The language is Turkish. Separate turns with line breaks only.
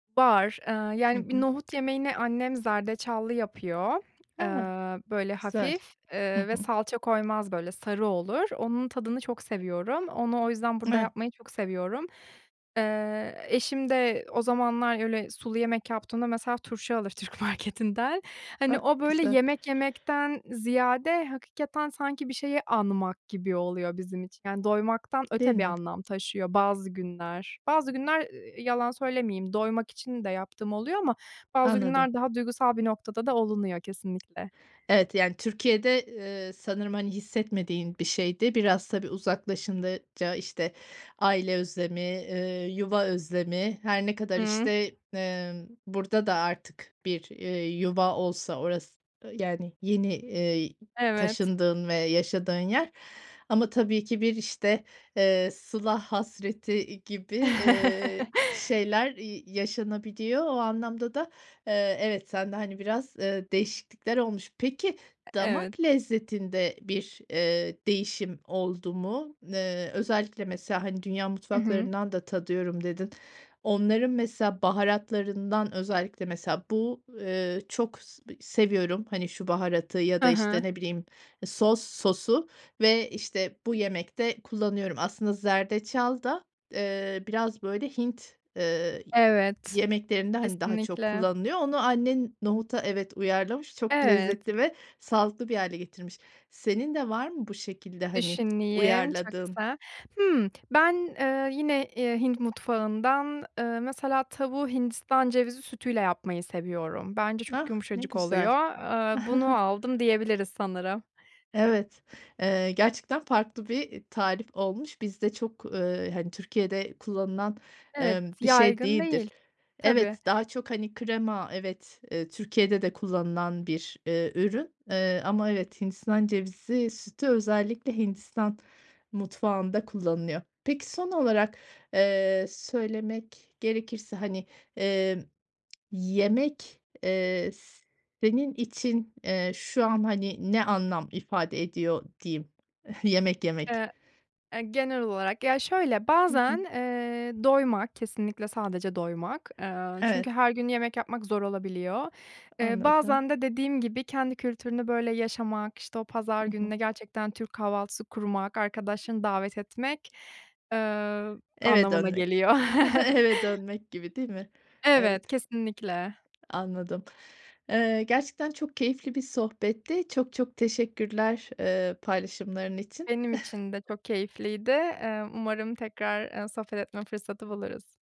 Var, eee,
Hı
yani, bir
hı.
nohut yemeğini annem zerdeçallı yapıyor, eee,
He.
böyle,
Güzel.
hafif,
Hı
eee, ve
hı.
salça koymaz, böyle, sarı olur. Onun tadını çok seviyorum, onu o yüzden burada yapmayı çok
[unintelligible]
seviyorum. Eee, eşim de o zamanlar öyle sulu yemek yaptığımda mesela turşu alır Türk marketinden, hani,
Ah,
o, böyle,
güzel.
yemek yemekten ziyade hakikaten sanki bir şeyi anmak gibi oluyor bizim için, yani, doymaktan
Değil
öte bir
mi?
anlam taşıyor bazı günler. Bazı günler, ııı, yalan söylemeyeyim, doymak için de yaptığım oluyor ama bazı
Anladım.
günler daha duygusal bir noktada da olunuyor, kesinlikle.
Evet. Yani, Türkiye'de, ııı, sanırım, hani, hissetmediğin bir şeydi. Biraz, tabii uzaklaşınca, işte, aile özlemi, ııı, yuva özlemi, her ne kadar,
Hıı.
işte, ımm, burada da artık bir, eee, yuva olsa orası yani, yeni, eee,
Evet.
taşındığın ve yaşadığın yer ama tabii ki bir, işte, eee, sıla hasreti, iii, gibi, eee, şeyler, iii, yaşanabiliyor. O anlamda da, eee, evet sende, hani, biraz, eee, değişiklikler olmuş. Peki,
E evet.
damak lezzetinde bir, eee, değişim oldu mu? N eee, özellikle, mesela, hani, dünya
Hı hı.
mutfaklarından da tadıyorum dedin. Onların mesela baharatlarından özellikle, mesela bu, eee, çok s seviyorum, hani, şu baharatı ya da,
Ha ha.
işte, ne bileyim, sos sosu ve, işte, bu yemekte kullanıyorum. Aslında zerdeçal da, eee, biraz, böyle, Hint, ııı,
Evet,
yemeklerinde, hani, daha çok
kesinlikle.
kullanılıyor. Onu annen nohuta, evet, uyarlamış, çok
Evet.
lezzetli ve sağlıklı bir hâle getirmiş. Senin de var mı bu şekilde, hani,
Düşüneyim, çok
uyarladığın?
kısa. Hımm. Ben, eee, yine, eee, Hint mutfağından, ııı, mesela, tavuğu hindistan cevizi sütüyle yapmayı seviyorum. Bence çok
Ah, ne
yumuşacık
güzel.
oluyor. Aaa, bunu aldım diyebiliriz sanırım.
Evet, eee, gerçekten farklı bir, eee, tarif olmuş. Bizde çok ııı, hani, Türkiye'de kullanılan,
Evet,
emm, bir şey
yaygın
değildir.
değil, tabii.
Evet, daha çok, hani, krema evet, eee, Türkiye'de de kullanılan bir, eee, ürün. Eee, ama evet, hindistan cevizi sütü özellikle Hindistan mutfağında kullanılıyor. Peki, son olarak, eee, söylemek gerekirse, hani, eee, yemek, eee, s senin için, eee, şu an, hani, ne anlam ifade ediyor diyeyim, yemek yemek?
Eee, eee, genel olarak, ya şöyle;
Hı
bazen,
hı.
eee, doymak, kesinlikle sadece doymak. Eee, çünkü
Evet.
her gün yemek yapmak zor olabiliyor. Eee,
Anladım.
bazen de dediğim gibi kendi kültürünü, böyle, yaşamak, işte, o pazar
Hı hı.
gününe gerçekten Türk kahvaltısı kurmak, arkadaşlarını davet etmek, eee,
Eve
anlamına
dönmek,
geliyor.
eve dönmek gibi, değil mi? Evet.
Evet, kesinlikle.
Anladım, ııı, gerçekten çok keyifli bir sohbetti çok çok teşekkürler, ııı, paylaşımların için.
Benim için de çok keyifliydi. Eee, umarım tekrar, eee, sohbet etme fırsatı buluruz.